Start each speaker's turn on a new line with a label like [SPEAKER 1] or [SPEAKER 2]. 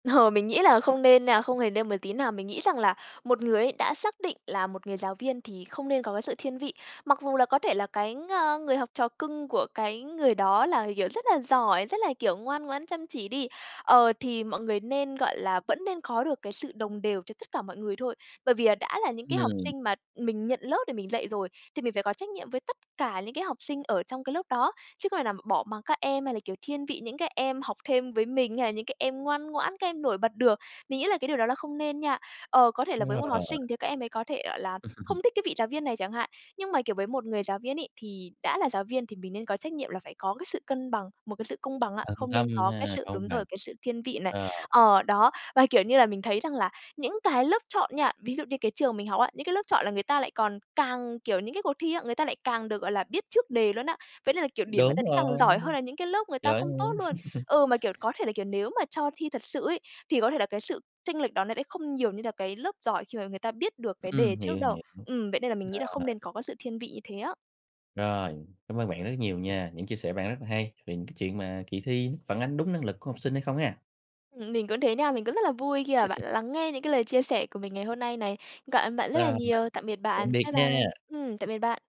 [SPEAKER 1] Ờ, mình nghĩ là không nên nha, không hề nên một tí nào. Mình nghĩ rằng là một người ấy, đã xác định là một người giáo viên thì không nên có cái sự thiên vị. Mặc dù là có thể là cái ng người học trò cưng của cái người đó là, kiểu, rất là giỏi, rất là, kiểu, ngoan ngoãn, chăm chỉ đi, ờ, thì mọi người nên, gọi là vẫn nên có được cái sự đồng đều cho tất cả mọi người thôi. Bởi vì là đã là những cái học
[SPEAKER 2] Ừm.
[SPEAKER 1] sinh mà mình nhận lớp để mình dạy rồi, thì mình phải có trách nhiệm với tất cả những cái học sinh ở trong cái lớp đó, chứ không thể nào bỏ mặc các em, hay là, kiểu, thiên vị những cái em học thêm với mình, hay là những cái em ngoan ngoãn, các em nổi bật được. Mình nghĩ là cái điều đó là không nên nha. Ờ, có thể là
[SPEAKER 2] Đúng
[SPEAKER 1] với một học
[SPEAKER 2] rồi.
[SPEAKER 1] sinh thì các em ấy có thể, gọi là, không thích cái vị giáo viên này chẳng hạn, nhưng mà, kiểu, với một người giáo viên ấy, thì đã là giáo viên thì mình nên có trách nhiệm là phải có cái sự cân bằng, một cái sự công bằng á,
[SPEAKER 2] Tận
[SPEAKER 1] không
[SPEAKER 2] tâm
[SPEAKER 1] nên có cái
[SPEAKER 2] ha,
[SPEAKER 1] sự
[SPEAKER 2] công
[SPEAKER 1] đúng
[SPEAKER 2] bằng.
[SPEAKER 1] rồi, cái sự thiên vị này.
[SPEAKER 2] Ờ.
[SPEAKER 1] Ờ, đó. Và, kiểu như là, mình thấy rằng là những cái lớp chọn nha, ví dụ như cái trường mình học á, những cái lớp chọn là người ta lại còn càng kiểu, những cái cuộc thi á, người ta lại càng được, gọi là, biết trước đề luôn á. Vậy nên là, kiểu, điểm người
[SPEAKER 2] Đúng
[SPEAKER 1] ta sẽ càng
[SPEAKER 2] rồi,
[SPEAKER 1] giỏi hơn là những cái lớp người ta
[SPEAKER 2] giỏi
[SPEAKER 1] không tốt
[SPEAKER 2] hơn.
[SPEAKER 1] luôn. Ừ, mà, kiểu, có thể là, kiểu, nếu mà cho thi thật sự ấy, thì có thể là cái sự chênh lệch đó nó sẽ không nhiều như là cái lớp giỏi khi mà người ta biết được cái
[SPEAKER 2] Ừm,
[SPEAKER 1] đề
[SPEAKER 2] hiểu,
[SPEAKER 1] trước đâu.
[SPEAKER 2] hiểu,
[SPEAKER 1] Ừm, vậy nên là mình nghĩ
[SPEAKER 2] rồi.
[SPEAKER 1] là không nên có cái sự thiên vị như thế á.
[SPEAKER 2] Rồi, cảm ơn bạn rất nhiều nha. Những chia sẻ bạn rất là hay về những cái chuyện mà kỳ thi phản ánh đúng năng lực của học sinh hay không ha.
[SPEAKER 1] Ừm, mình cũng thế nha. Mình cũng rất là vui khi, à, bạn đã lắng nghe những cái lời chia sẻ của mình ngày hôm nay này. Cảm ơn bạn
[SPEAKER 2] [unintelligible]
[SPEAKER 1] rất là
[SPEAKER 2] bạn,
[SPEAKER 1] nhiều. Tạm biệt
[SPEAKER 2] tạm
[SPEAKER 1] bạn.
[SPEAKER 2] biệt
[SPEAKER 1] Bye
[SPEAKER 2] nha!
[SPEAKER 1] bye! Ừm, tạm biệt bạn!